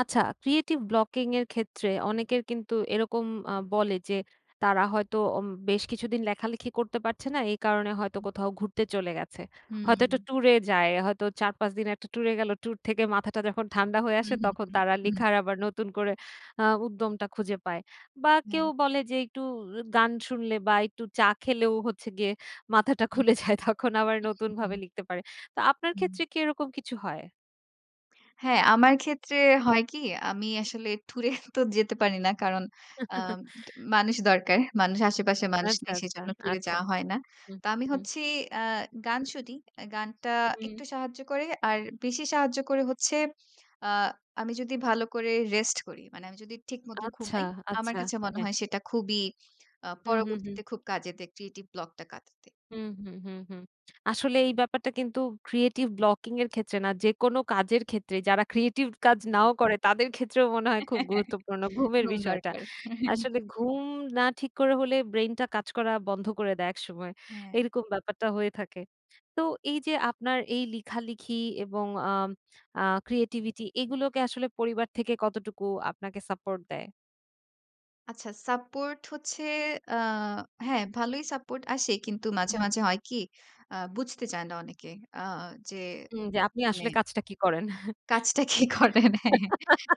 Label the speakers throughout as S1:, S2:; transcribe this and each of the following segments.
S1: আচ্ছা, creative blocking এর ক্ষেত্রে, অনেকের কিন্তু এরকম আ বলে যে, তারা হয়তো অম বেশ কিছুদিন লেখালেখি করতে পারছে না। এই কারণে হয়তো,
S2: হু, হু।
S1: কোথাও ঘুরতে চলে গেছে।
S2: হু,
S1: হয়তো একটা
S2: হুম।
S1: ট্যুরে যায়, হয়তো ৪-৫ দিন একটা ট্যুর এ গেল, ট্যুর থেকে মাথাটা যখন ঠান্ডা হয়ে আসে,
S2: হুম, হুম,
S1: তখন তারা
S2: হুম। হুম।
S1: লিখার আবার নতুন করে আ উদ্যমটা খুঁজে পায়। বা কেউ
S2: হ্যাঁ।
S1: বলে যে, একটু গান শুনলে বা একটু চা খেলেও হচ্ছে গিয়ে, মাথাটা
S2: হুম।
S1: খুলে যায়। তখন আবার,
S2: আচ্ছা,
S1: নতুনভাবে
S2: হুম।
S1: লিখতে পারে। তো, আপনার
S2: হুম।
S1: ক্ষেত্রে কি, এরকম কিছু হয়?
S2: হ্যাঁ, আমার ক্ষেত্রে হয় কি? আমি আসলে ট্যুরে তো যেতে পারি না, কারণ আম মানুষ দরকার। মানুষ, আশেপাশে মানুষ
S1: আচ্ছা,
S2: নেই,
S1: আচ্ছা,
S2: সেজন্য টুরে
S1: আচ্ছা।
S2: যাওয়া হয় না।
S1: হু,
S2: তো আমি
S1: হু।
S2: হচ্ছি, আ গান শুনি। গানটা
S1: হুম।
S2: একটু সাহায্য করে। আর বেশি সাহায্য করে হচ্ছে, আ আমি যদি, ভালো করে রেস্ট করি। মানে, আমি যদি ঠিক মত
S1: আচ্ছা,
S2: ঘুমাই, আমার
S1: আচ্ছা।
S2: কাছে মনে
S1: হ্যাঁ।
S2: হয় সেটা খুবই, আ
S1: হু, হু, হু।
S2: পরবর্তীতে খুব কাজে দেয় ক্রিয়েটিভ ব্লক টা কাটাতে।
S1: হুম, হুম, হুম, হুম। আসলে এই ব্যাপারটা কিন্তু, ক্রিয়েটিভ ব্লকিং এর ক্ষেত্রে না। যেকোনো কাজের ক্ষেত্রে, যারা ক্রিয়েটিভ কাজ নাও করে, তাদের ক্ষেত্রেও মনে হয় খুব গুরুত্বপূর্ণ, ঘুমের
S2: ঘুম
S1: বিষয়টা।
S2: দরকার।
S1: আসলে ঘুম না ঠিক করে হলে, ব্রেইনটা কাজ করা বন্ধ করে দেয় একসময়।
S2: হ্যাঁ।
S1: এরকম ব্যাপারটা হয়ে থাকে। তো, এইযে আপনার এই লিখালিখি এবং আম আ ক্রিয়েটিভিটি এগুলোকে আসলে পরিবার থেকে, কতটুকু আপনাকে সাপোর্ট দেয়?
S2: আচ্ছা, সাপোর্ট হচ্ছে আ হ্যাঁ, ভালোই সাপোর্ট আসে, কিন্তু মাঝে,
S1: হুম।
S2: মাঝে হয় কি? আ বুঝতে চায় না অনেকে। আ যে
S1: হুম, যে, আপনি
S2: মানে
S1: আসলে কাজটা কী করেন?
S2: কাজটা কি করেন, হ্যাঁ।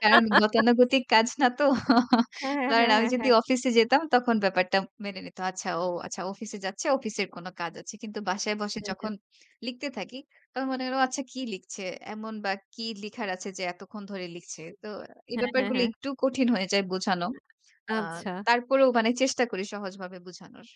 S2: কারণ গতানুগতিক কাজ না তো।
S1: হ্যাঁ, হ্যাঁ,
S2: কারণ
S1: হ্যাঁ,
S2: আমি
S1: হ্যাঁ,
S2: যদি
S1: হ্যাঁ।
S2: অফিসে যেতাম, তখন ব্যাপারটা মেনে নিত। "আচ্ছা ও, আচ্ছা অফিসে যাচ্ছে, অফিসের কোন কাজ আছে।" কিন্তু বাসায় বসে
S1: হ্যাঁ, হ্যাঁ।
S2: যখন লিখতে থাকি, তখন মনে হলো, "আচ্ছা কি লিখছে এমন বা কী লিখার আছে যে, এতক্ষণ ধরে লিখছে?" তো এই
S1: হ্যাঁ, হ্যাঁ,
S2: ব্যাপারগুলো
S1: হ্যাঁ।
S2: একটু কঠিন হয়ে যায় বুঝানো। আ
S1: আচ্ছা।
S2: তারপরেও মানে চেষ্টা করি সহজভাবে বুঝানোর।